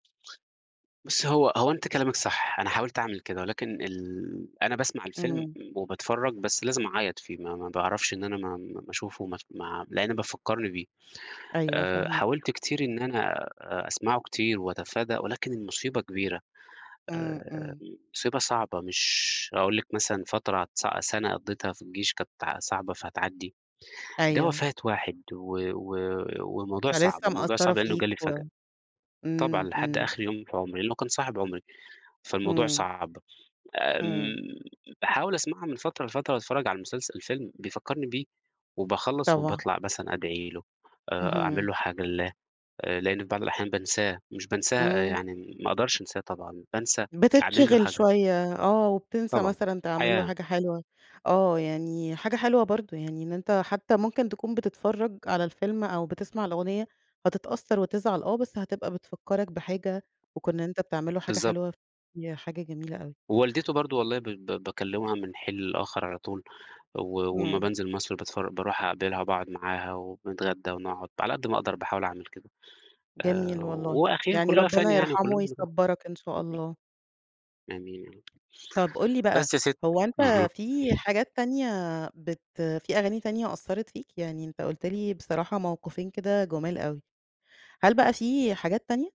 بُصي هو هو أنتِ كلامِك صح، أنا حاولت أعمل كده، ولكن ال أنا باسمع الفيلم إمم. م وباتفرج بس لازم أعيّط فيه، ما ما باعرفش إن أنا ما ما ما اشوفه ما أس ما لأن بيفَكّرني بيه. أيوه، آآ، فاهماك. حاولت كتير إن أنا أ أسمعه كتير وأتفادى ولكن المصيبة كبيرة، إمم، آآ، إمم. مصيبة صعبة مش هاقول لِك مثلًا فترة س سنة قضّيتها في الجيش كانت صعبة فهتعَدّي، ده أيوه. وفاة واحد و و والموضوع صعب، فلِسّه الموضوع مأثّرة صعب لأنه فيك جالي و فجأة. طبعًا، إمم، لحد إمم. آخر يوم في عمري، لأنه كنت صاحب عمري، فالموضوع إمم. صعب. إمم. آمم، باحاول أسمعها من فترة لفترة وأتفرج على المسلسل الفيلم بيفكّرني بيه وباخلّص طبعًا. وباطلع مثلًا أدعي له آآ، أعمل اهم. له حاجة لله آآ، لأن في بعض الأحيان بانساه مش بانساه إمم. يعني ما أقدرش أنساه طبعًا بانسى أعمل له بتتشغل حاجة. شوية آه، وبتنسى طبعًا. مثلًا تعمل له الحياة. حاجة حلوة آه، يعني حاجة حلوة برضه يعني إن أنت حتى ممكن تكون بتتفرج على الفيلم أو بتسمع الأغنية، هتتأثر وتزعل آه، بس هتبقى بتفكّرك بحاجة وكون إن أنت بتعمل له حاجة بالضبط. حلوة، ياه، حاجة جميلة أوي. ووالدته برضه والله ب ب باكلمها من الحين للآخر على طول، و وأمّا إمم. بانزل مصر بتفر باروح أقابلها وباقعُد معاها وبنتغدى ونقعُد، على قد ما أقدر باحاول أعمل كده، آآ، جميل والله، وأخيرًا يعني كلها ربنا فانية يعني يرحمه وكُلّنا بنروح. ويصبّرك إن شاء وبي الله. آمين يا رب. طب قُل لي بقى، بس يا ست هو أنت اهم. في حاجات تانية بت في أغاني تانية أثّرِت فيك؟ يعني أنت قُلت لي بصراحة موقفين كده جُمال أوي. هل بقى في حاجات تانية؟